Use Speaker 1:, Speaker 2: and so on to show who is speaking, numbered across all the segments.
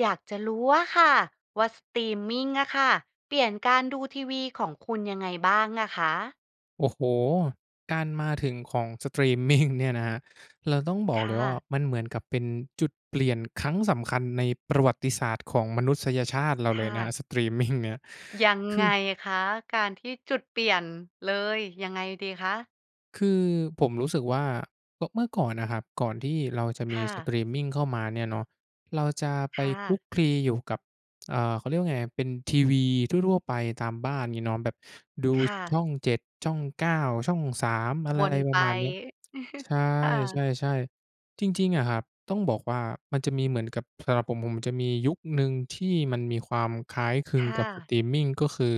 Speaker 1: อยากจะรู้อะค่ะว่าสตรีมมิงอะค่ะ เปลี่ยนการดูทีวีของคุณยังไงบ้างอะคะ?
Speaker 2: โอ้โฮ การมาถึงของ สตรีมมิง เนี่ยนะครับ เราต้องบ
Speaker 1: ค
Speaker 2: อกเล
Speaker 1: ่
Speaker 2: ยว่า
Speaker 1: ะ
Speaker 2: มันเหมือนกับเป็นจุดเปลี่ยนครั้งสำคัญในประวัติศาสตร์ของมนุษยชาติเรา
Speaker 1: ค
Speaker 2: เล
Speaker 1: ่
Speaker 2: ยนะ
Speaker 1: ะ
Speaker 2: สตรีมมิงเนี่ย
Speaker 1: ยัง
Speaker 2: คื
Speaker 1: ไง
Speaker 2: อ
Speaker 1: คะ? การที่ จุดเปลี่ยน เลย ยังไงดีคะ?
Speaker 2: คือผมรู้สึกว่า โตะ เมื่อก่อนน่ะครับ ก่อนที่เราจะม
Speaker 1: ค
Speaker 2: ี
Speaker 1: ่
Speaker 2: ส
Speaker 1: ะ
Speaker 2: ตรีมมิงเข้ามาเนี่ยเนาะ เราจะไป
Speaker 1: ค่
Speaker 2: คลุ
Speaker 1: ะ
Speaker 2: กคลีอยู่กับ เอ่อ เขาเรียกว่าไงครับ เป็นทีวีทั่ว ๆ ไปตามบ้าน งี้เนาะ แบบดู
Speaker 1: ค่ะ
Speaker 2: ช่อง 7 ช่อง 9 ช่อง 3 อะไร
Speaker 1: ว
Speaker 2: ไร
Speaker 1: น
Speaker 2: ป
Speaker 1: ไ
Speaker 2: ร
Speaker 1: ป
Speaker 2: ะมาณเนี้ย ใช่
Speaker 1: ค่
Speaker 2: ใ
Speaker 1: ะ
Speaker 2: ช่ ๆ จริง ๆ อะครับ ต้องบอกว่ามันจะมีเหมือนกับ สำหรับผม ผมจะมียุคหนึ่งที่มันมีความคล้ายคลึ
Speaker 1: ค
Speaker 2: ง
Speaker 1: ่
Speaker 2: กับ ส
Speaker 1: ะ
Speaker 2: ตรีมมิง ก็คือ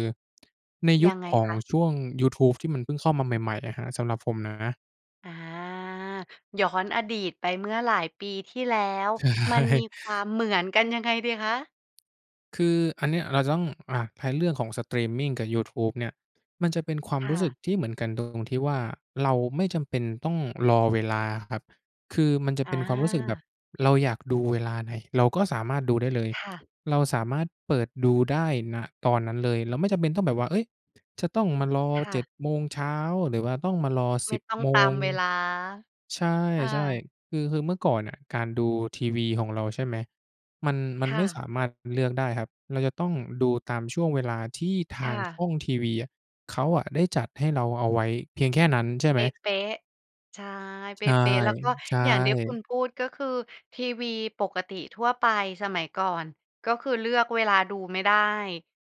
Speaker 2: ในย
Speaker 1: ย
Speaker 2: ุ
Speaker 1: ั
Speaker 2: ค
Speaker 1: งไง
Speaker 2: ของ
Speaker 1: คะ?
Speaker 2: ช่วงยูทูบที่มันเพิ่งเข้ามาใหม่ ๆ อะครับ สำหรับผมนะ
Speaker 1: อา ย้อนอดีตไปเมื่อหลายปีที่แล้ว
Speaker 2: ใ
Speaker 1: มันมี
Speaker 2: ช่
Speaker 1: ความเหมือนกันยังไงดีคะ?
Speaker 2: คืออันเนี้ยเราจะต้อง อะ แพลนเรื่องของสตรีมมิงกับยูทูบเนี่ย มันจะเป็นความ
Speaker 1: ค่
Speaker 2: รู้สึ
Speaker 1: ะ
Speaker 2: กที่เหมือนกันดง ตรงที่ว่า เราไม่จำเป็นต้องรอเวลาครับ คือมันจะเ
Speaker 1: อ
Speaker 2: ป็นความรู้สึกแบบ
Speaker 1: า
Speaker 2: เราอยากดูเวลาไหน เราก็สามารถดูได้เลย
Speaker 1: ค่ะ
Speaker 2: เราสามารถเปิดดูได้ ณ ตอนนั้นเลย เราไม่จำเป็นต้องแบบว่า เฮ้ย จะต้องมารอ
Speaker 1: ค่
Speaker 2: เจ
Speaker 1: ะ
Speaker 2: ็ด โมงเช้า หรือว่าต้องมารอ
Speaker 1: ไ
Speaker 2: ส
Speaker 1: ม
Speaker 2: ิ
Speaker 1: ่
Speaker 2: บ
Speaker 1: ต้อง
Speaker 2: โม
Speaker 1: ตา
Speaker 2: ง
Speaker 1: มเวลา
Speaker 2: ใช
Speaker 1: ค่
Speaker 2: ่
Speaker 1: ะ
Speaker 2: ๆ คือ คือเมื่อก่อนน่ะการดูทีวีของเรา ใช่ไหม มัน มัน
Speaker 1: ค
Speaker 2: ไ
Speaker 1: ่
Speaker 2: ม่ส
Speaker 1: ะ
Speaker 2: ามารถเลือกได้ครับ มันจะต้องดูตามช่วงเวลาที่ท
Speaker 1: ค
Speaker 2: า
Speaker 1: ่
Speaker 2: งช
Speaker 1: ะ
Speaker 2: ่องทีวีอะ เขาอะได้จัดให้เราเอาไว้เพียงแค่นั้นใช่ไ
Speaker 1: เ
Speaker 2: ห
Speaker 1: ป
Speaker 2: ม?
Speaker 1: ๊ะ ๆ ใช่
Speaker 2: ใ
Speaker 1: เ
Speaker 2: ช
Speaker 1: ป
Speaker 2: ่
Speaker 1: ๊ะ ๆ แล้วก็
Speaker 2: ใช
Speaker 1: อย่างที่คุณ
Speaker 2: ่
Speaker 1: พูด ก็คือทีวีปกติทั่วไปสมัยก่อน ก็คือเลือกเวลาดูไม่ได้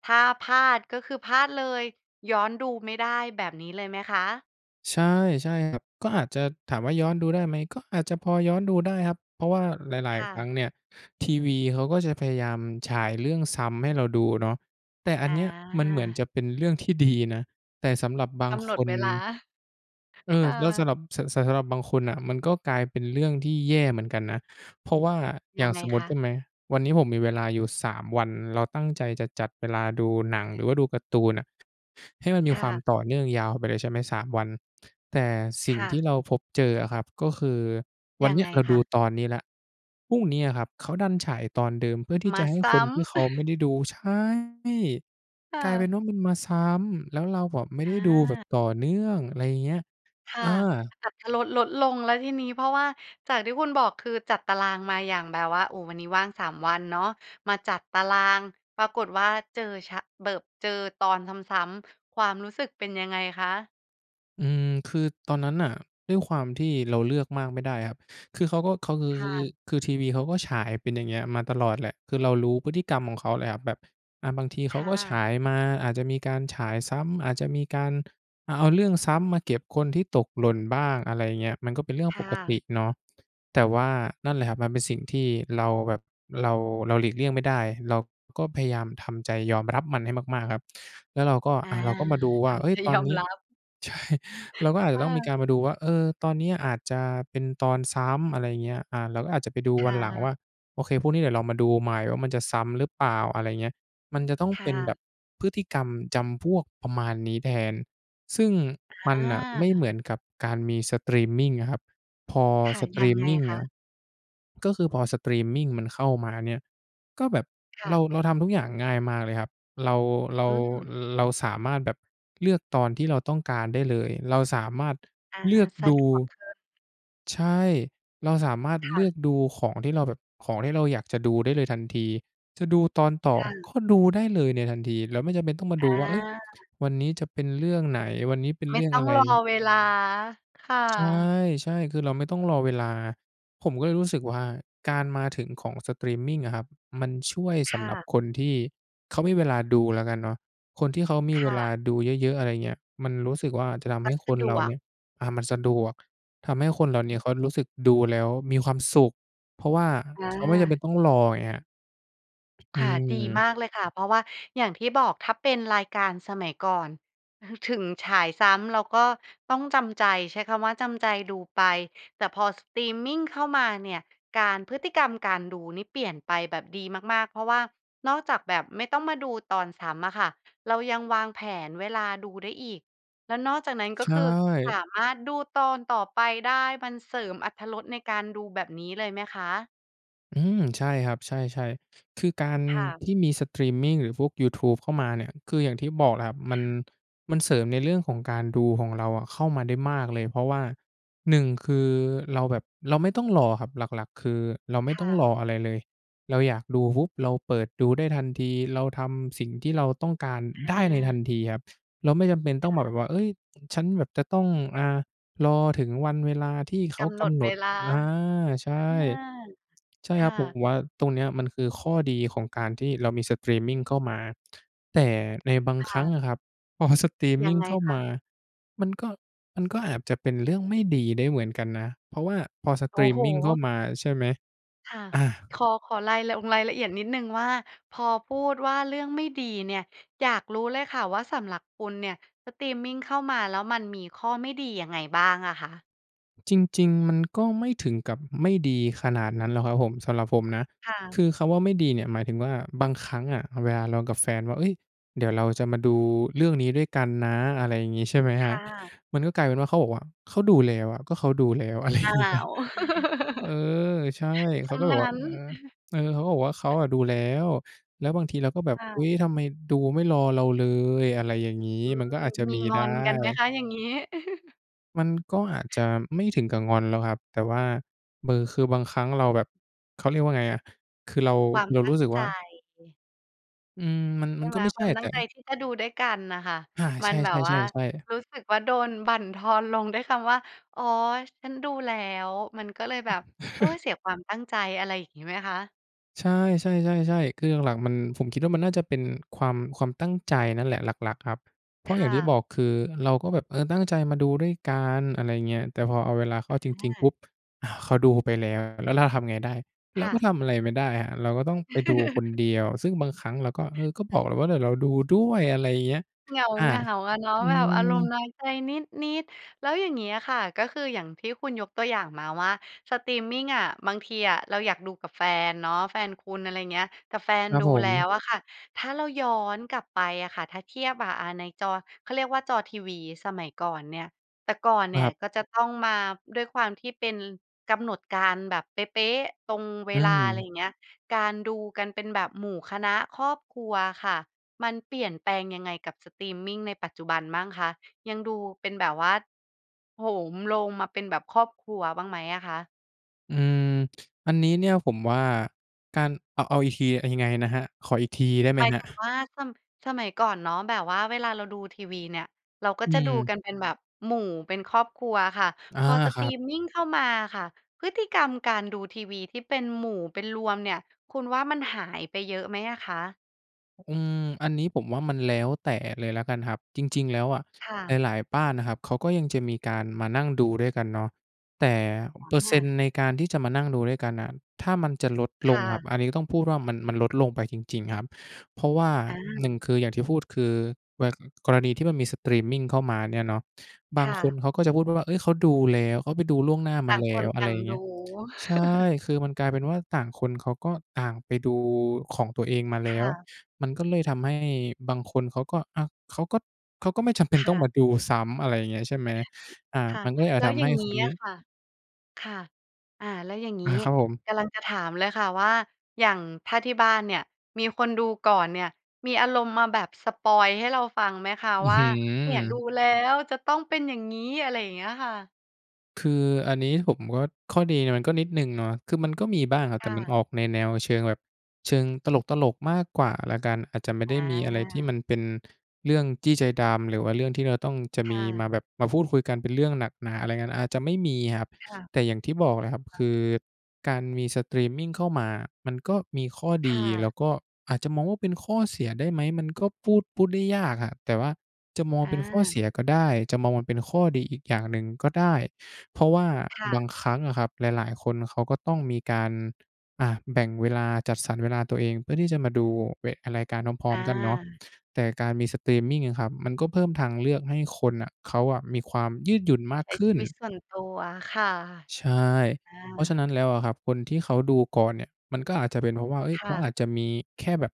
Speaker 1: ถ้าพลาดก็คือพลาดเลย ย้อนดูไม่ได้แบบนี้เลยไหมคะ?
Speaker 2: ใช่ ๆ ครับ ก็อาจจะถามว่าย้อนดูได้ไหม? ก็อาจจะพอย้อนดูได้ครับ เพราะว่าหลาย
Speaker 1: ค่
Speaker 2: ๆ คร
Speaker 1: ะ
Speaker 2: ั้งเนี่ย ทีวีเขาก็จะพยายามฉายเรื่องซ้ำให้เราดูเนาะ แต่อั
Speaker 1: อ
Speaker 2: นเนี้ยมันเหมือน
Speaker 1: า
Speaker 2: จะเป็นเรื่องที่ ดีนะ แต่สำหรับบา
Speaker 1: ก
Speaker 2: ง
Speaker 1: ำหน
Speaker 2: ค
Speaker 1: ด
Speaker 2: น
Speaker 1: เวลา
Speaker 2: เอ
Speaker 1: ค
Speaker 2: อ
Speaker 1: ่
Speaker 2: แล้วส
Speaker 1: ะ
Speaker 2: ำหรับ ส สำ สำหรับบางคนน่ะมันก็กลายเป็นเรื่องที่แย่เหมือนกันนะ เพราะว่าอย
Speaker 1: ย
Speaker 2: ่
Speaker 1: ั
Speaker 2: าง
Speaker 1: งไง
Speaker 2: สมมุ
Speaker 1: ค
Speaker 2: ติ
Speaker 1: ะ?
Speaker 2: ใช่ไหม วันนี้ผมมีเวลาอยู่ 3 วัน เราตั้งใจจะจัดเวลาดูหนังหรือว่าดูการ์ตูนน่ะ ให้มันม
Speaker 1: ค
Speaker 2: ี
Speaker 1: ่
Speaker 2: ความ
Speaker 1: ะ
Speaker 2: ต่อเนื่องยาวไปเลย ใช่ไหม 3 วัน แต่สิ่
Speaker 1: ค
Speaker 2: ง
Speaker 1: ่
Speaker 2: ที่
Speaker 1: ะ
Speaker 2: เราพบเจออะครับ ก็คือว
Speaker 1: ย
Speaker 2: ัน
Speaker 1: ั
Speaker 2: เ
Speaker 1: ง
Speaker 2: นี้
Speaker 1: ไ
Speaker 2: ย
Speaker 1: ง
Speaker 2: เรา
Speaker 1: ค
Speaker 2: ด
Speaker 1: ะ?
Speaker 2: ูตอนนี้แล้ว พรุ่งนี้อะครับเขาดันฉายตอนเดิมเพื่อที่
Speaker 1: ม
Speaker 2: จ
Speaker 1: า
Speaker 2: ะให้
Speaker 1: ซ
Speaker 2: ค
Speaker 1: ้
Speaker 2: น
Speaker 1: ำ
Speaker 2: ที่เขาไม่ได้ดู ใช่
Speaker 1: ค่
Speaker 2: กลายเป็น
Speaker 1: ะ
Speaker 2: ว่ามันมาซ้ำ แล้วเราแบบไม่ไ
Speaker 1: อ
Speaker 2: ด้ดูแบบ
Speaker 1: า
Speaker 2: ต่อเนื่อง อะไรอย่างเงี้ย
Speaker 1: ค่
Speaker 2: อา
Speaker 1: ะ อรรถรสลดลงแล้วทีนี้ เพราะว่าจากที่คุณบอก คือจัดตารางมาอย่างแบบว่า โอ้ วันนี้ว่าง 3 วันเนาะ มาจัดตาราง ปรากฏว่า เจอชะ แบบ เจอตอนซ้ำ ๆ ความรู้สึกเป็นยังไงคะ?
Speaker 2: อืม คือตอนนั้นน่ะ ด้วยความที่เราเลือกมากไม่ได้ครับ คือเขาก็ เขา คือ
Speaker 1: ค
Speaker 2: ค
Speaker 1: ่
Speaker 2: ือ คือ
Speaker 1: ะ
Speaker 2: คือทีวีเขาก็ฉายเป็นอย่างมาเงี้ยตลอดแหละ คือเรารู้พฤติกรรมของเขาแหละครับ แบบ อะ บางทีเ
Speaker 1: ค
Speaker 2: ขา
Speaker 1: ่
Speaker 2: ก็ฉ
Speaker 1: ะ
Speaker 2: ายมา อาจจะมีการฉายซ้ำ อาจจะมีการเอาเรื่องซ้ำมาเก็บคนที่ตกหล่นบ้าง อะไรอย่างเงี้ย มันก็เป็นเรื่อง
Speaker 1: ค
Speaker 2: ป
Speaker 1: ่
Speaker 2: กติ
Speaker 1: ะ
Speaker 2: เนาะ แต่ว่านั่นแหละครับ มันเป็นสิ่งที่เราแบบ เรา เราหลีกเลี่ยงไม่ได้ เราก็พยายามทำใจยอมรับมันให้มาก ๆ ครับ แล้วเราก็
Speaker 1: อา
Speaker 2: อะ เราก็มาดูว
Speaker 1: ท
Speaker 2: ่า เฮ
Speaker 1: ำใ
Speaker 2: ้
Speaker 1: จ
Speaker 2: ย! ตอ
Speaker 1: ย
Speaker 2: น
Speaker 1: อ
Speaker 2: น
Speaker 1: ม
Speaker 2: ี้
Speaker 1: รับ
Speaker 2: ใช่ เราก็อาจจ
Speaker 1: เ
Speaker 2: ะต้องมีก
Speaker 1: ออ
Speaker 2: ารมาดูว่า เออ ตอนนี้อาจจะเป็นตอนซ้ำ อะไรอย่างเงี้ย อา เราก็อาจจะไปดู
Speaker 1: ค
Speaker 2: วั
Speaker 1: ่
Speaker 2: น
Speaker 1: ะ
Speaker 2: หลังว่า โอเค พรุ่งนี้เดี๋ยวเรามาดูใหม่ว่ามันจะซ้ำหรือเปล่า อะไรอย่างเงี้ย มันจะต้อง
Speaker 1: ค
Speaker 2: เ
Speaker 1: ่
Speaker 2: ป็นแบ
Speaker 1: ะ
Speaker 2: บพฤติกรรมจำพวกประมาณนี้แทน ซึ่งมัน
Speaker 1: อ
Speaker 2: น่ะไม่เห
Speaker 1: า
Speaker 2: มือนกับการมีสตรีมมิงอะครับ พอ
Speaker 1: ค่ะ
Speaker 2: สต
Speaker 1: ย
Speaker 2: ร
Speaker 1: ั
Speaker 2: ี
Speaker 1: ง
Speaker 2: ม
Speaker 1: ไง
Speaker 2: มิง
Speaker 1: ค
Speaker 2: อ
Speaker 1: ะ?
Speaker 2: ะ ก็คือพอสตรีมมิงมันเข้ามาเนี่ย ก็แบบ
Speaker 1: ค่
Speaker 2: เรา
Speaker 1: ะ
Speaker 2: เราทำทุกอย่างง่ายมากเลยครับ เรา เรา
Speaker 1: อืม
Speaker 2: เราสามารถแบบเลือกตอนที่เราต้องการได้เลย เราสามารถ
Speaker 1: อา
Speaker 2: เลือก
Speaker 1: สะ
Speaker 2: ดู
Speaker 1: ดวกขึ้น
Speaker 2: ใช่ เราสามารถ
Speaker 1: ค
Speaker 2: เล
Speaker 1: ่
Speaker 2: ือ
Speaker 1: ะ
Speaker 2: กดูของที่เราแบบ ของที่เราอยากจะดูได้เลยทันที จะดูตอนต่อ
Speaker 1: ค่
Speaker 2: ก
Speaker 1: ะ
Speaker 2: ็ดูได้เลยในทันที แล้วไม่จำเป็นต้องมา
Speaker 1: อ
Speaker 2: ดูว่า เฮ้ย!
Speaker 1: า
Speaker 2: วันนี้จะเป็นเรื่องไหน วันนี้เป็น
Speaker 1: ไม
Speaker 2: เร
Speaker 1: ่
Speaker 2: ื่อง
Speaker 1: ต้อ
Speaker 2: อะ
Speaker 1: ง
Speaker 2: ไร
Speaker 1: รอเวลา ค่ะ
Speaker 2: ใช่ ๆ คือเราไม่ต้องรอเวลา ผมก็เลยรู้สึกว่า การมาถึงของสตรีมมิงอะครับ มันช่วยส
Speaker 1: ค
Speaker 2: ำ
Speaker 1: ่
Speaker 2: หรับ
Speaker 1: ะ
Speaker 2: คนที่เขามีเวลาดูแล้วกันเนาะ คนที่เขามี
Speaker 1: ค
Speaker 2: เว
Speaker 1: ่
Speaker 2: ลา
Speaker 1: ะ
Speaker 2: ดูเยอะ ๆ อะไรอย่างเงี้ย มันรู้สึกว่าจะทำ
Speaker 1: ก
Speaker 2: ให
Speaker 1: ็
Speaker 2: ้ค
Speaker 1: สะ
Speaker 2: น
Speaker 1: ด
Speaker 2: เรา
Speaker 1: ว
Speaker 2: เน
Speaker 1: ก
Speaker 2: ี่ย อา มันสะดวก ทำให้คนเหล่านี้
Speaker 1: อือ
Speaker 2: เขารู้สึกดูแล้วมีความสุข เพราะว่า
Speaker 1: อ
Speaker 2: เขาไม่จำเป็น
Speaker 1: า
Speaker 2: ต้องรอ อย่างเงี้ย อ
Speaker 1: ค่ะ ดี
Speaker 2: ืม
Speaker 1: มากเลยค่ะ เพราะว่าอย่างที่บอก ถ้าเป็นรายการสมัยก่อน ถ ถึงฉายซ้ำเราก็ต้องจำใจ ใช้คำว่าจำใจดูไป แต่พอ ส สตรีมมิงเข้ามาเนี่ย การ พฤติกรรมการดูนี่เปลี่ยนไปแบบดีมาก ๆ เพราะว่านอกจากแบบไม่ต้องมาดูตอนซ้ำอะค่ะ เรายังวางแผนเวลาดูได้อีก แล้วนอกจากนั้น ก
Speaker 2: ใ
Speaker 1: ็
Speaker 2: ช
Speaker 1: คือส
Speaker 2: ่
Speaker 1: ามารถดูตอนต่อไปได้ มันเสริมอรรถรสในการดูแบบนี้เลยไหมคะ?
Speaker 2: อืม ใช่ครับ ใช่ ๆ คือการ
Speaker 1: ค่ะ
Speaker 2: ที่มีสตรีมมิง หรือพวกยูทูบเข้ามาเนี่ย คืออย่างที่บอกครับ ม
Speaker 1: ค
Speaker 2: ัน
Speaker 1: ่ะ
Speaker 2: มันเสริมในเรื่องของการดูของเราอะเข้ามาได้มากเลย เพราะว่า 1 คือเราแบบ เราไม่ต้องรอครับ หลัก ๆ คือเราไม่
Speaker 1: ค
Speaker 2: ต้
Speaker 1: ่
Speaker 2: อง
Speaker 1: ะ
Speaker 2: รออะไรเลย เราอยากดูปุ๊บ เราเปิดดูได้ทันที เราทำสิ่งที่เราต้องการได้ในท
Speaker 1: อ
Speaker 2: ั
Speaker 1: า
Speaker 2: นทีครับ เราไม่จำเป็นต
Speaker 1: ค
Speaker 2: ้อง
Speaker 1: ่
Speaker 2: มาแบ
Speaker 1: ะ
Speaker 2: บว่า เฮ้ย ฉันแบบจะต้อง อ่า รอถึงวันเวลาที่เข
Speaker 1: ก
Speaker 2: า
Speaker 1: ำห
Speaker 2: ก
Speaker 1: นด
Speaker 2: ำหน
Speaker 1: เว
Speaker 2: ด
Speaker 1: ลา
Speaker 2: อา ใช่
Speaker 1: อา
Speaker 2: ใช่
Speaker 1: ค
Speaker 2: คร
Speaker 1: ่
Speaker 2: ับ ผม
Speaker 1: ะ
Speaker 2: ว่า ตรงเนี้ยมันคือข้อดีของการที่เรามีสตรีมมิงเข้ามา แต่ในบาง
Speaker 1: ค
Speaker 2: คร
Speaker 1: ่
Speaker 2: ั้ง
Speaker 1: ะ
Speaker 2: อะครับ พอ สตรีมม
Speaker 1: ยั
Speaker 2: ิ
Speaker 1: ง
Speaker 2: ง
Speaker 1: ไง
Speaker 2: เข้า
Speaker 1: ค
Speaker 2: มา
Speaker 1: ะ?
Speaker 2: มันก็ มันก็อาจจะเป็นเรื่องไม่ดีได้เหมือนกันนะ เพราะว่าพอส
Speaker 1: โอ
Speaker 2: ต
Speaker 1: ้
Speaker 2: รี
Speaker 1: โฮ!
Speaker 2: มมิงเข้ามาใช่ไหม?
Speaker 1: ค่ะ
Speaker 2: อา
Speaker 1: ขอ ขอราย ลงรายละเอียดนิดหนึ่งว่า พอพูดว่าเรื่องไม่ดีเนี่ย อยากรู้เลยค่ะว่า สำหรับคุณเนี่ย สตรีมมิงเข้ามาแล้วมันมีข้อไม่ดียังไงบ้างอะคะ?
Speaker 2: จริง ๆ มันก็ไม่ถึงกับไม่ดีขนาดนั้นหรอกครับผม สำหรับผมนะ
Speaker 1: ค่ะ
Speaker 2: คือคำว่าไม่ดีเนี่ยหมายถึงว่า บางครั้งอะเวลาเรากับแฟนว่า เฮ้ย เดี๋ยวเราจะมาดูเรื่องนี้ด้วยกันนะ อะไรอย่างงี้ ใช่ไหม
Speaker 1: ค
Speaker 2: ครับ
Speaker 1: ่ะ
Speaker 2: มันก็กลายเป็นว่าเขาบอกว่า เขาดูแล้วอะ ก็เขาดูแล้ว อะไรอ
Speaker 1: อ
Speaker 2: ย่
Speaker 1: ้า
Speaker 2: างงี้
Speaker 1: ว
Speaker 2: เออ ใช่
Speaker 1: เส
Speaker 2: เข
Speaker 1: ี
Speaker 2: า
Speaker 1: ย
Speaker 2: ก็บ
Speaker 1: ง
Speaker 2: อ
Speaker 1: ั
Speaker 2: กว่า
Speaker 1: ้น
Speaker 2: เออ เออ เขาก็บอกว่าเขาอะดูแล้ว แล้วบางทีเราก็แบบ
Speaker 1: ค่
Speaker 2: อุ
Speaker 1: ะ
Speaker 2: ๊ย ทำไมดูไม่รอเราเลย อะไรอย่างงี้
Speaker 1: อืม
Speaker 2: มันก็อาจจะ
Speaker 1: มี
Speaker 2: มี
Speaker 1: ง
Speaker 2: ได
Speaker 1: อ
Speaker 2: ้
Speaker 1: นกันไหมคะอย่างงี้?
Speaker 2: มันก็อาจจะไม่ถึงกับงอนแล้วครับ แต่ว่า เหม่อ คือบางครั้งเราแบบ เขาเรียกว่าไงอะ คือเรา
Speaker 1: ความ
Speaker 2: เรา
Speaker 1: ตั
Speaker 2: รู
Speaker 1: ้
Speaker 2: ้
Speaker 1: ง
Speaker 2: สึก
Speaker 1: ใ
Speaker 2: ว
Speaker 1: จ
Speaker 2: ่า อืม มัน
Speaker 1: ใช
Speaker 2: มั
Speaker 1: ่
Speaker 2: น
Speaker 1: ไ
Speaker 2: ก็
Speaker 1: หม?
Speaker 2: ไม่ใ
Speaker 1: ค
Speaker 2: ช
Speaker 1: ว
Speaker 2: ่
Speaker 1: าม
Speaker 2: อะ
Speaker 1: ต
Speaker 2: แ
Speaker 1: ั
Speaker 2: ต
Speaker 1: ้งใจ
Speaker 2: ่
Speaker 1: ที่จะดูด้วยกันน่ะค่ะ
Speaker 2: อา
Speaker 1: ม
Speaker 2: ใ
Speaker 1: ั
Speaker 2: ช
Speaker 1: น
Speaker 2: ่
Speaker 1: แบบว่า
Speaker 2: ๆ ๆ ๆ
Speaker 1: รู้สึกว่าโดนบั่นทอนลงด้วยคำว่า "อ๋อ! ฉันดูแล้ว" มันก็เลยแบบ โอ๊ย! เสียความตั้งใจ อะไรอย่างงี้ไหมคะ?
Speaker 2: ใช่ ใช่ ๆ ๆ คือหลัก ๆ มัน ผมคิดว่ามันน่าจะเป็นความ ความตั้งใจนั่นแหละ หลัก ๆ ครับ เพรา
Speaker 1: ค
Speaker 2: ะอย่า
Speaker 1: ่
Speaker 2: งที่บ
Speaker 1: ะ
Speaker 2: อก คือเราก็แบบ เออ ตั้งใจมาดูด้วยกัน อะไรเงี้ย แต่พอเอาเวลาเข้าจริง ๆ
Speaker 1: อ
Speaker 2: ปุ๊
Speaker 1: า
Speaker 2: บ! อ้าว เขาดูไปแล้ว แล้วเราทำไงได้? เร
Speaker 1: ค
Speaker 2: า
Speaker 1: ่
Speaker 2: ก็
Speaker 1: ะ
Speaker 2: ทำอะไรไม่ได้ครับ เราก็ต้องไปดูคนเดียว ซึ่งบางครั้งเราก็ เออ ก็บ
Speaker 1: งั
Speaker 2: อ
Speaker 1: ้
Speaker 2: กแล
Speaker 1: น
Speaker 2: ้วว่า "เดี๋ยวเราดูด้วย" อะไรเงี้ย
Speaker 1: เห
Speaker 2: อา
Speaker 1: งา ๆ อะเนาะ
Speaker 2: อื
Speaker 1: แบบอารมณ์
Speaker 2: อ
Speaker 1: น้อยใจนิด ๆ แล้วอย่างงี้อะค่ะ ก็คืออย่างที่คุณยกตัวอย่างมาว่าสตรีมมิงอะ บางทีอะเราอยากดูกับแฟนเนาะ แฟนคุณ อะไรเงี้ย แต่แฟน
Speaker 2: ครับ
Speaker 1: ดู
Speaker 2: ผ
Speaker 1: แล้
Speaker 2: ม
Speaker 1: ว อะค่ะ ถ้าเราย้อนกลับไปอะค่ะ ถ้าเทียบอะ อา ในจอ เขาเรียกว่าจอทีวีสมัยก่อนเนี่ย แต่ก่อนเนี่ย
Speaker 2: ครับ
Speaker 1: ก็จะต้องมา ด้วยความที่เป็นกำหนดการ แบบเป๊ะ ๆ ตรงเว
Speaker 2: อื
Speaker 1: ลา อะไร
Speaker 2: อ
Speaker 1: อย่างเงี้ย การดูกันเป็นแบบหมู่คณะครอบครัวอะค่ะ มันเปลี่ยนแปลงยังไงกับสตรีมมิงในปัจจุบันบ้างคะ? ยังดูเป็นแบบว่า โหมโรงมาเป็นแบบครอบครัวบ้างไหมอะคะ?
Speaker 2: อืม อันนี้เนี่ยผมว่า การเอา เอาอีกที ยังไงนะครับ? ขออีกทีได้ไหม
Speaker 1: หมาย
Speaker 2: ครั
Speaker 1: ถ
Speaker 2: บ?
Speaker 1: ึงว่า ส สมัยก่อนเนาะ แบบว่าเวลาเราดูทีวีเนี่ย เราก็
Speaker 2: อื
Speaker 1: จะดู
Speaker 2: ม
Speaker 1: กันเป็นแบบหมู่ เป็นครอบครัวค่ะ
Speaker 2: อา
Speaker 1: พอส
Speaker 2: ค
Speaker 1: ต
Speaker 2: ร
Speaker 1: ร
Speaker 2: ั
Speaker 1: ี
Speaker 2: บ
Speaker 1: มมิงเข้ามาอะค่ะ พฤติกรรมการดูทีวีที่เป็นหมู่ เป็นรวมเนี่ย คุณว่ามันหายไปเยอะไหมอะคะ?
Speaker 2: อืม อันนี้ผมว่ามันแล้วแต่เลยละกันครับ จริง ๆ แล้วอะ
Speaker 1: ค่ะ
Speaker 2: หลาย ๆ บ้านอะครับ เขาก็ยังจะมีการมานั่งดูด้วยกันเนาะ แต่
Speaker 1: อ
Speaker 2: เปอร์เซ็นต
Speaker 1: า
Speaker 2: ์ในการที่จะมานั่งดูด้วยกันน่ะ ถ้ามันจะลดล
Speaker 1: ค่
Speaker 2: งครับ
Speaker 1: ะ
Speaker 2: อันนี้ก็ต้องพูดว่ามัน มันลดลงไปจริง ๆ ครับ เพราะว่า
Speaker 1: อ
Speaker 2: 1
Speaker 1: า
Speaker 2: คืออย่างที่พูดคือ แว กรณีที่มันมีสตรีมมิงเข้ามาเนี่ยเนาะ บ
Speaker 1: ค
Speaker 2: าง
Speaker 1: ่
Speaker 2: ค
Speaker 1: ะ
Speaker 2: นเขาก็จะพูดว่า "เฮ้ย เขาดูแล้ว เขาไปดูล่วงหน้า
Speaker 1: ต
Speaker 2: มา
Speaker 1: ่าง
Speaker 2: แล
Speaker 1: ค
Speaker 2: ้
Speaker 1: น
Speaker 2: ว" อ
Speaker 1: ต
Speaker 2: ะไ
Speaker 1: ่
Speaker 2: ร
Speaker 1: า
Speaker 2: อ
Speaker 1: ง
Speaker 2: ย่างเง
Speaker 1: ด
Speaker 2: ี้ย
Speaker 1: ู
Speaker 2: ใช่ คือมันกลายเป็นว่า ต่างคนเขาก็ต่างไปดูของตัวเองมาแ
Speaker 1: ค
Speaker 2: ล้
Speaker 1: ่
Speaker 2: ว
Speaker 1: ะ
Speaker 2: มันก็เลยทำให้บางคนเขาก็ อา เขาก็ เขาก็ไม่จำเป็น
Speaker 1: ค
Speaker 2: ต้
Speaker 1: ่
Speaker 2: อง
Speaker 1: ะ
Speaker 2: มาดูซ้ำ อะไรอย่างเงี้ยใช่ไหม อา
Speaker 1: ค่ะ
Speaker 2: มันก็เลยอา
Speaker 1: แล
Speaker 2: จ
Speaker 1: ้ว
Speaker 2: ท
Speaker 1: อ
Speaker 2: ำ
Speaker 1: ย่
Speaker 2: ให
Speaker 1: า
Speaker 2: ้
Speaker 1: งง
Speaker 2: ค
Speaker 1: ี้
Speaker 2: นน
Speaker 1: อ
Speaker 2: ี
Speaker 1: ะ
Speaker 2: ้
Speaker 1: ค่ะ ค่ะ อ่า แล้วอย่างง
Speaker 2: อ
Speaker 1: ี้
Speaker 2: า ครับผม
Speaker 1: กำลังจะถามเลยค่ะว่า อย่างถ้าที่บ้านเนี่ยมีคนดูก่อนเนี่ย มีอารมณ์มาแบบสปอยล์ให้เราฟังไหมคะ?
Speaker 2: อื้อ
Speaker 1: ว่
Speaker 2: ฮ
Speaker 1: า
Speaker 2: ื
Speaker 1: เนี่ยดู
Speaker 2: อ!
Speaker 1: แล้วจะต้องเป็นอย่างงี้ อะไรอย่างเงี้ยค่ะ
Speaker 2: คืออันนี้ผมก็ ข้อดีมันก็นิดหนึ่งเนาะ คือมันก็มีบ้างครับ
Speaker 1: ค
Speaker 2: แต
Speaker 1: ่
Speaker 2: ่มัน
Speaker 1: ะ
Speaker 2: ออกในแนวเชิงแบบ เชิงตลก ๆ มากกว่าแล้วกัน อาจจะไม่ได
Speaker 1: อ
Speaker 2: ้มีอะไรที่ม
Speaker 1: า
Speaker 2: ันเป็นเรื่องจี้ใจดำ หรือว่าเรื่องที่เราต้องจะ
Speaker 1: ค
Speaker 2: มี
Speaker 1: ่ะ
Speaker 2: มาแบบ มาพูดคุยกันเป็นเรื่องหนักหนาอะไรกัน อาจจะไม่มีครับ
Speaker 1: ค่ะ
Speaker 2: แต่อย่างที่บอกนะครับ
Speaker 1: ค
Speaker 2: ค
Speaker 1: ่ะ
Speaker 2: ือการมีสตรีมมิงเข้ามาอะ มันก็มีข้อ
Speaker 1: ค
Speaker 2: ดี
Speaker 1: ่
Speaker 2: แล้
Speaker 1: ะ
Speaker 2: วก็อาจจะมองว่า เป็นข้อเสียได้ไหม? มันก็พูด พูดได้ยากครับ แต่ว่าจะมอง
Speaker 1: อ
Speaker 2: เป็นข้อเส
Speaker 1: า
Speaker 2: ียก็ได้ จะมองมันเป็นข้อดีอีกอย่างหนึ่งก็ได้ เพราะว่า
Speaker 1: ค่
Speaker 2: บา
Speaker 1: ะ
Speaker 2: งครั้งอะครับ หลาย ๆ คนเขาก็ต้องมีการ อะ แบ่งเวลา จัดสรรเวลาตัวเองเพื่อที่จะมาดู เวะ อะ รายการพร้อ
Speaker 1: อ
Speaker 2: ม ๆ กันเนาะ
Speaker 1: า
Speaker 2: แต่การมีสตรีมมิง เงี้ยครับ มันก็เพิ่มทางเลือกให้คนน่ะ เขาอะมีความยืดหยุ่นมา
Speaker 1: ใ
Speaker 2: ก
Speaker 1: ช้
Speaker 2: ข
Speaker 1: ช
Speaker 2: ึ้
Speaker 1: ี
Speaker 2: น
Speaker 1: วิตส่วนตัว ค่ะ
Speaker 2: ใช่
Speaker 1: อ
Speaker 2: เพราะฉะน
Speaker 1: า
Speaker 2: ั้นแล้วอะครับ คนที่เขาดูก่อนเนี่ย มันก็อาจจะเป็นเพราะว่า เฮ้ย
Speaker 1: ค
Speaker 2: เข
Speaker 1: ่
Speaker 2: า
Speaker 1: ะ
Speaker 2: อาจจะมีแค่แบบ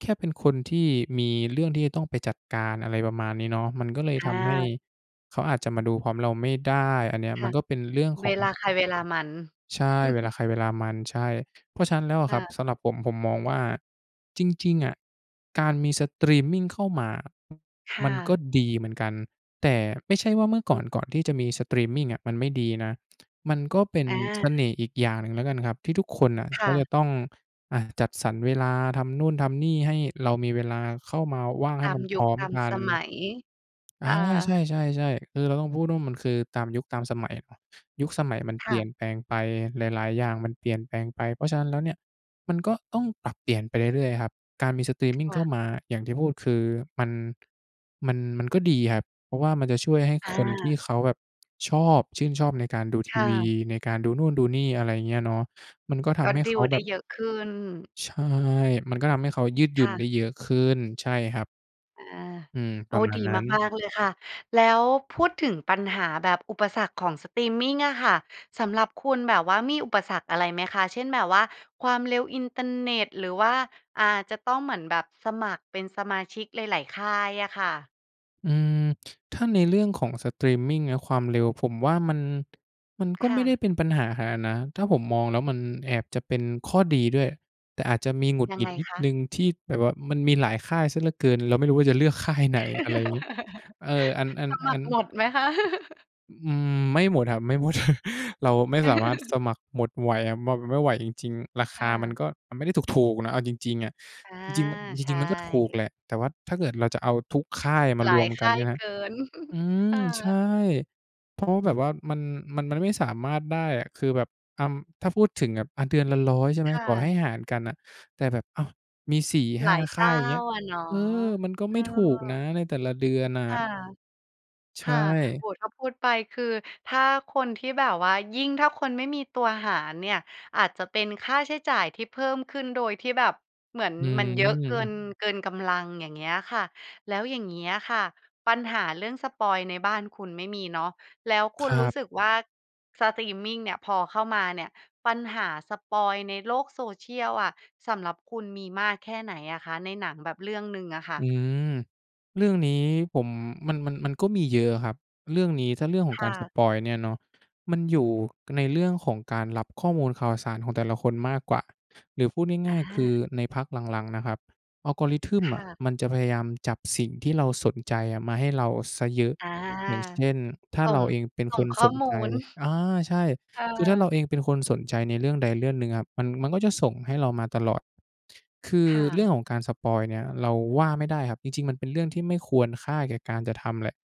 Speaker 2: แค่เป็นคนที่มีเรื่องที่จะต้องไปจัดการ อะไรประมาณนี้เนาะ มันก็เลย
Speaker 1: อ
Speaker 2: ทำให้
Speaker 1: า
Speaker 2: เขาอาจจะมาดูพร้อมเราไม่ได้อันเนี้ย
Speaker 1: ค
Speaker 2: ม
Speaker 1: ่
Speaker 2: ัน
Speaker 1: ะ
Speaker 2: ก็เป็นเรื่องข
Speaker 1: เ
Speaker 2: อ
Speaker 1: ว
Speaker 2: ง
Speaker 1: ลาใครเวลามัน
Speaker 2: ใช่ เวลาใครเวลามัน ใช่ เพราะฉะนั้นแล้วอะ
Speaker 1: ค
Speaker 2: ค
Speaker 1: ่
Speaker 2: รับ
Speaker 1: ะ
Speaker 2: สำหรับผม ผมมองว่าจริง ๆ อะ การมีสตรีมมิงเข้ามาอะ
Speaker 1: ค่
Speaker 2: มันก็
Speaker 1: ะ
Speaker 2: ดีเหมือนกัน แต่ไม่ใช่ว่าเมื่อ
Speaker 1: อ
Speaker 2: ก่อน ก
Speaker 1: ืม
Speaker 2: ่อนที่จะมีสตรีมมิงอะมันไม่ดีนะ มันก็เป็น
Speaker 1: อ
Speaker 2: เส
Speaker 1: า
Speaker 2: น่ห์อีกอย่างหนึ่งแล้วกันครับที่ทุกคนน่ะ
Speaker 1: ค
Speaker 2: เข
Speaker 1: ่
Speaker 2: าจะ
Speaker 1: ะ
Speaker 2: ต้อง อะ จัดสรรเวลา ทำนู่นทำนี่ให้เรามีเวลาเข้ามาว่างใ
Speaker 1: ต
Speaker 2: ห้
Speaker 1: า
Speaker 2: ม
Speaker 1: ม
Speaker 2: ันพ
Speaker 1: ยุ
Speaker 2: ร
Speaker 1: ค
Speaker 2: ้อม
Speaker 1: ตาม
Speaker 2: กัน
Speaker 1: สมัย
Speaker 2: อ
Speaker 1: ค
Speaker 2: า
Speaker 1: ่
Speaker 2: ใช
Speaker 1: ะ
Speaker 2: ่ ๆ ๆ คือเราต้องพูดว่า มันคือตามยุคตามสมัย ป ยุคสมัยมันเ
Speaker 1: ค
Speaker 2: ปล
Speaker 1: ่
Speaker 2: ี่ยน
Speaker 1: ะ
Speaker 2: แปลงไป หลาย ๆ อย่างมันเปลี่ยนแปลงไป เพราะฉะนั้นแล้วเนี่ย มันก็ต้องปรับเปลี่ยนไปเรื่อย ๆ อะครับ การมีสตรีม
Speaker 1: ค
Speaker 2: มิงเ
Speaker 1: ่
Speaker 2: ข้า
Speaker 1: ะ
Speaker 2: มา อย่างที่พูดคือมัน มัน มันก็ดีครับ เพราะว่ามันจะช่วยให้
Speaker 1: อ
Speaker 2: คนที่
Speaker 1: า
Speaker 2: เขาแบบชอบ ชื่นชอบในการดูท
Speaker 1: ค
Speaker 2: ี
Speaker 1: ่
Speaker 2: วี
Speaker 1: ะ
Speaker 2: ในการดูนู่นดูนี่ อะไรอย่างเงี้ยเนาะ มันก็ท
Speaker 1: ก็
Speaker 2: ำให้
Speaker 1: ดี
Speaker 2: เข
Speaker 1: ล
Speaker 2: า
Speaker 1: ไ
Speaker 2: แ
Speaker 1: ด
Speaker 2: บ
Speaker 1: ้
Speaker 2: บ
Speaker 1: เยอะขึ้น
Speaker 2: ใช่ มันก็ทำให้เขายืดหย
Speaker 1: ค
Speaker 2: ุ่
Speaker 1: ่
Speaker 2: น
Speaker 1: ะ
Speaker 2: ได้เยอะขึ้น ใช่ครับ
Speaker 1: อา
Speaker 2: อืม
Speaker 1: โ
Speaker 2: ป
Speaker 1: อ
Speaker 2: ร
Speaker 1: ้
Speaker 2: ะมา
Speaker 1: ด
Speaker 2: ณ
Speaker 1: ี
Speaker 2: นั้น
Speaker 1: มาก ๆ เลยค่ะ แล้วพูดถึงปัญหาแบบอุปสรรคของสตรีมมิงอะค่ะ สำหรับคุณแบบว่า มีอุปสรรคอะไรไหมคะ? เช่น แบบว่าความเร็วอินเตอร์เน็ต หรือว่า อ่า จะต้องเหมือนแบบสมัครเป็นสมาชิกหลาย ๆ ค่ายอะค่ะ?
Speaker 2: อืม ถ้าในเรื่องของสตรีมมิงอะ ความเร็วผมว่ามัน มันก็
Speaker 1: ค
Speaker 2: ไ
Speaker 1: ่
Speaker 2: ม่ได้
Speaker 1: ะ
Speaker 2: เป็นปัญหาขนาดน้า ถ้าผมมองแล้วมันแอบจะเป็นข้อดีด้วย แต่อาจจะมีหงุด
Speaker 1: ยั
Speaker 2: หง
Speaker 1: ง
Speaker 2: ิ
Speaker 1: ไง
Speaker 2: ดนิด
Speaker 1: คะ?
Speaker 2: หนึ่ง ที่แบบว่ามันมีหลายค่ายเสียเหลือเกิน เราไม่รู้ว่าจะเลือก ค่าย ไหน อะไรเงี้ย เออ อัน อัน
Speaker 1: สมั
Speaker 2: อั
Speaker 1: ค
Speaker 2: น
Speaker 1: รหมดไหมคะ?
Speaker 2: อ อืม ไม่หมดครับ ไม่หมด เราไม่สามารถสมัครหมดไหว ม ไม่ไหวจริง ๆ ราค
Speaker 1: ค่
Speaker 2: ามัน
Speaker 1: ะ
Speaker 2: ก็ มันไม่ได้ถูก ๆ นะ เอาจริง ๆ อะ
Speaker 1: อา
Speaker 2: จริง ๆ มัน จ
Speaker 1: ใช
Speaker 2: ริง ๆ มันก็ถูก
Speaker 1: ่
Speaker 2: แหละ แต่ว่าถ้าเกิดเราจะเอาทุกค่ายมา
Speaker 1: หล
Speaker 2: ร
Speaker 1: า
Speaker 2: ว
Speaker 1: ย
Speaker 2: ม
Speaker 1: ค
Speaker 2: กัน
Speaker 1: ่า
Speaker 2: ใช
Speaker 1: ย
Speaker 2: ่ไหม
Speaker 1: เกิน
Speaker 2: อืม
Speaker 1: ค่
Speaker 2: ใช
Speaker 1: ะ
Speaker 2: ่ เพราะแบบว่ามัน มัน มันไม่สามารถได้อะ คือแบบ อำ ถ้าพูดถึงแบบ อา เดือนละ 100 ใช่ไหม
Speaker 1: ค่
Speaker 2: ต่อให
Speaker 1: ะ
Speaker 2: ้หารกันน่ะ แต่แบบ อ้าว มี สี่ห
Speaker 1: หล
Speaker 2: ้า
Speaker 1: าย
Speaker 2: ค
Speaker 1: เจ
Speaker 2: ่า
Speaker 1: ้
Speaker 2: ย
Speaker 1: า
Speaker 2: อย่างเงี้ย
Speaker 1: อะเนาะ
Speaker 2: เออ! มันก็
Speaker 1: เ
Speaker 2: ไ
Speaker 1: อ
Speaker 2: ม่ถูก
Speaker 1: อ
Speaker 2: นะในแต่ละเดือนน่
Speaker 1: ค่
Speaker 2: ะ
Speaker 1: ะ
Speaker 2: ใช
Speaker 1: ค่ะ
Speaker 2: ่
Speaker 1: โอ้โฮ ถ้าพูดไปคือ ถ้าคนที่แบบว่า ยิ่งถ้าคนไม่มีตัวหารเนี่ยอาจจะเป็นค่าใช้จ่ายที่เพิ่มขึ้นโดยที่แบบเหมือน
Speaker 2: อื
Speaker 1: มันเยอะเกิ
Speaker 2: ม
Speaker 1: น เกินกำลัง อย่างเงี้ยค่ะ แล้วอย่างเงี้ยค่ะ ปัญหาเรื่องสปอยล์ในบ้านคุณไม่มีเนาะ แล้วคุ
Speaker 2: ค
Speaker 1: ณ
Speaker 2: ร
Speaker 1: ร
Speaker 2: ั
Speaker 1: ู้
Speaker 2: บ
Speaker 1: สึกว่าสตรีมมิงเนี่ย พอเข้ามาเนี่ย ปัญหาสปอยล์ในโลกโซเชียลอะ สำหรับคุณมีมากแค่ไหนอะคะ? ในหนังแบบเรื่องหนึ่งอะค่
Speaker 2: อื
Speaker 1: ะ
Speaker 2: ม เรื่องนี้ผม มัน มัน มันก็มีเยอะครับ เรื่องนี้ถ้าเรื่องของ
Speaker 1: ค
Speaker 2: ก
Speaker 1: ่
Speaker 2: ารส
Speaker 1: ะ
Speaker 2: ปอยล์เนี่ยเนาะ มันอยู่ในเรื่องของการรับข้อมูลข่าวสารของแต่ละคนมากกว่า หรือพูดง
Speaker 1: อ
Speaker 2: ่าย ๆ คือ
Speaker 1: า
Speaker 2: ในพักหลัง ๆ นะครับ Algorithm
Speaker 1: ค
Speaker 2: อ
Speaker 1: ่
Speaker 2: ะ
Speaker 1: ะ
Speaker 2: มันจะพยายามจับสิ่งที่เราสนใจมาให้เราเสียเยอะ
Speaker 1: อ่า
Speaker 2: อย่างเช่น ถ้
Speaker 1: ส
Speaker 2: า
Speaker 1: ่
Speaker 2: เร
Speaker 1: ง
Speaker 2: าเองเป็น
Speaker 1: ส่
Speaker 2: ค
Speaker 1: ง
Speaker 2: น
Speaker 1: ข้
Speaker 2: ส
Speaker 1: อ
Speaker 2: น
Speaker 1: มู
Speaker 2: ใจ
Speaker 1: ล
Speaker 2: อา ใช่
Speaker 1: เออ
Speaker 2: คือถ้าเราเองเป็นคนสนใจในเรื่องใดเรื่องหนึ่งครับ มัน มันก็จะส่งให้เรามาตลอด คือ
Speaker 1: ค่
Speaker 2: เรื่อ
Speaker 1: ะ
Speaker 2: งของการสปอยล์เนี่ย เราว่าไม่ได้ครับ จริง ๆ มันเป็นเรื่องที่ไม่ควรค่าแก่การจะทำแหละ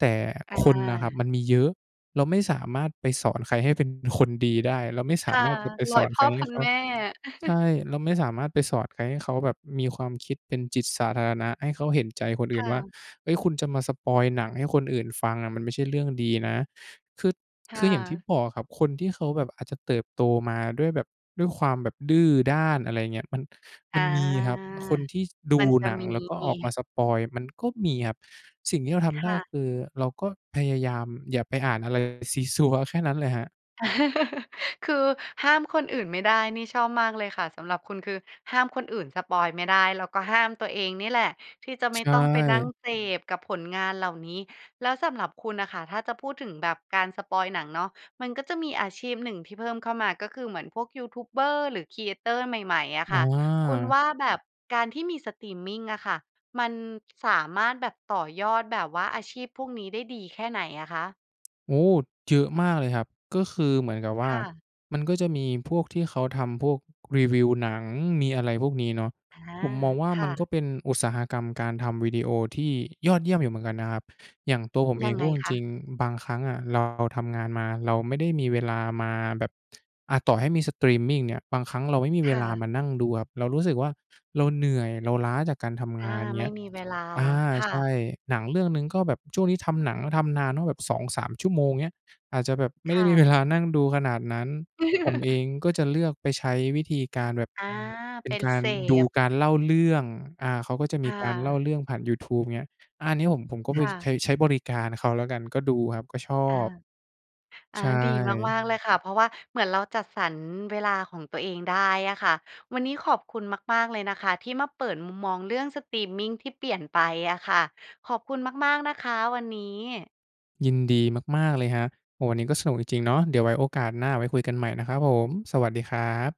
Speaker 2: แต่
Speaker 1: อ
Speaker 2: คนน่ะครับ
Speaker 1: า
Speaker 2: มันมีเยอะ เราไม่สามารถไปสอนใครให้เป็นคนดีได้ เราไม่ส
Speaker 1: ค
Speaker 2: า
Speaker 1: ่ะ
Speaker 2: มารถจะไป
Speaker 1: ร
Speaker 2: ส
Speaker 1: ้อ
Speaker 2: อ
Speaker 1: ย
Speaker 2: น
Speaker 1: พ
Speaker 2: ใค
Speaker 1: ่
Speaker 2: ร
Speaker 1: อ
Speaker 2: ให
Speaker 1: พ
Speaker 2: ้
Speaker 1: ัน
Speaker 2: เขา
Speaker 1: แม่
Speaker 2: ใช่ เราไม่สามารถไปสอดให้เขาแบบมีความคิดเป็นจิตสาธารณะ ให้เขาเห็นใจคนอ
Speaker 1: ค
Speaker 2: ื่น
Speaker 1: ่
Speaker 2: ว่า
Speaker 1: ะ
Speaker 2: "เฮ้ย คุณจะมาสปอยล์หนังให้คนอื่นฟังอะมันไม่ใช่เรื่องดีนะ" คือ
Speaker 1: ค
Speaker 2: ค
Speaker 1: ่
Speaker 2: ืออย่างที่
Speaker 1: ะ
Speaker 2: บอกอะครับ คนที่เขาแบบอาจจะเติบโตมาด้วยแบบ ด้วยความแบบดื้อด้าน อะไรอย่างเงี้ย มัน ม
Speaker 1: อ
Speaker 2: ั
Speaker 1: า
Speaker 2: นมีครับ คนที่ด
Speaker 1: ม
Speaker 2: ู
Speaker 1: ันจะ
Speaker 2: หนัง
Speaker 1: มี
Speaker 2: แล้วก็ออกมาสปอยล์ มันก็มีครับ สิ่งที่เราท
Speaker 1: ค
Speaker 2: ำได้
Speaker 1: ่ะ
Speaker 2: คือ เราก็พยายามอย่าไปอ่านอะไรซี้ซั้วแค่นั้นแหละครับ
Speaker 1: คือห้ามคนอื่นไม่ได้ นี่ชอบมากเลยค่ะ สำหรับคุณ คือห้ามคนอื่นสปอยล์ไม่ได้ แล้วก็ห้ามตัวเองนี่แหละ ที่จะ
Speaker 2: ใ
Speaker 1: ไม
Speaker 2: ช
Speaker 1: ่ต้องไปนั่ง
Speaker 2: ่
Speaker 1: เสพกับผลงานเหล่านี้ แล้วสำหรับคุณน่ะค่ะ ถ้าจะพูดถึงแบบการสปอยล์หนังเนาะ มันก็จะมีอาชีพหนึ่งที่เพิ่มเข้ามา ก็คือเหมือนพวกยูทูบเบอร์ หรือ Creator ใหม่ ๆ อะค
Speaker 2: อ
Speaker 1: ่ะ คุณว
Speaker 2: า
Speaker 1: ่า แบบการที่มีสตรีมมิงอะค่ะ มันสามารถแบบต่อยอด แบบว่าอาชีพพวกนี้ได้ดีแค่ไหนอะคะ?
Speaker 2: โอ้โฮ! เยอะมากเลยครับ ก็คือเหมือนกับว่
Speaker 1: ค
Speaker 2: า
Speaker 1: ่ะ
Speaker 2: มันก็จะมีพวกที่เขาทำพวกรีวิวหนัง มีอะไรพวกนี้เนาะ
Speaker 1: อา
Speaker 2: ผมมองว่า
Speaker 1: ค
Speaker 2: มั
Speaker 1: ่
Speaker 2: น
Speaker 1: ะ
Speaker 2: ก็เป็นอุตสาหกรรมการทำวิดีโอที่ยอดเยี่ยมอยู่เหมือนกันนะครับ อย่างตัวผมเอ
Speaker 1: ยั
Speaker 2: ง
Speaker 1: งไ
Speaker 2: พ
Speaker 1: ง
Speaker 2: ูดจ
Speaker 1: คะ?
Speaker 2: ริง ๆ บางครั้งอะเรา เราทำงานมา เราไม่ได้มีเวลามาแบบ อะ ต่อให้มีสตรีมมิงเนี่ย บางครั้งเราไม่มี
Speaker 1: ค
Speaker 2: เว
Speaker 1: ่
Speaker 2: ลา
Speaker 1: ะ
Speaker 2: มานั่งดูครับ เรารู้สึกว่าเราเหนื่อย เราล้าจากการทำ
Speaker 1: อ
Speaker 2: ง
Speaker 1: า
Speaker 2: าน เ
Speaker 1: ไ
Speaker 2: ง
Speaker 1: ม
Speaker 2: ี
Speaker 1: ่
Speaker 2: ้ย
Speaker 1: มีเวลา
Speaker 2: อา
Speaker 1: ค่
Speaker 2: ใช่
Speaker 1: ะ
Speaker 2: หนังเรื่องหนึ่งก็แบบ ช่วงนี้ทำหนังทำนานว่า แบบ 2-3 ชั่วโมง เงี้ย อาจจะแบบไม่
Speaker 1: ค
Speaker 2: ได้
Speaker 1: ่
Speaker 2: มี
Speaker 1: ะ
Speaker 2: เวลา นั่งดูขนาดนั้น ผมเองก็จะเลือกไปใช้วิธีการแบบ
Speaker 1: อา
Speaker 2: เป็
Speaker 1: เป
Speaker 2: น
Speaker 1: ็น
Speaker 2: กา
Speaker 1: เ
Speaker 2: ร
Speaker 1: ส
Speaker 2: ดู
Speaker 1: พ
Speaker 2: การเล่าเรื่อง อา เขาก็จะ
Speaker 1: ค
Speaker 2: มี
Speaker 1: ่
Speaker 2: การเล่า
Speaker 1: ะ
Speaker 2: เรื่องผ่านยูทูบ เงี้ย อา เนี้ยผม ผมก็เ
Speaker 1: ค
Speaker 2: บ้ย
Speaker 1: ่
Speaker 2: เค
Speaker 1: ะ
Speaker 2: ยใช้บริการเขาแล้วกัน ก็ดูครับ ก็ชอ
Speaker 1: อา
Speaker 2: บ
Speaker 1: อา
Speaker 2: ใช
Speaker 1: ดี
Speaker 2: ่
Speaker 1: มาก ๆ เลยค่ะ เพราะว่าเหมือนเราจัดสรรเวลาของตัวเองได้อะค่ะ วันนี้ขอบคุณมาก ๆ เลยนะคะ ที่มาเปิดมุมมองเรื่องสตรีมมิงที่เปลี่ยนไปอะค่ะ ขอบคุณมาก ๆ นะคะ วันนี้
Speaker 2: ยินดีมาก ๆ เลยครับ โอ้โฮ วันนี้ก็สนุกจริง ๆ เนาะ เดี๋ยวไว้โอกาสหน้า ไว้คุยกันใหม่นะครับผม สวัสดีครับ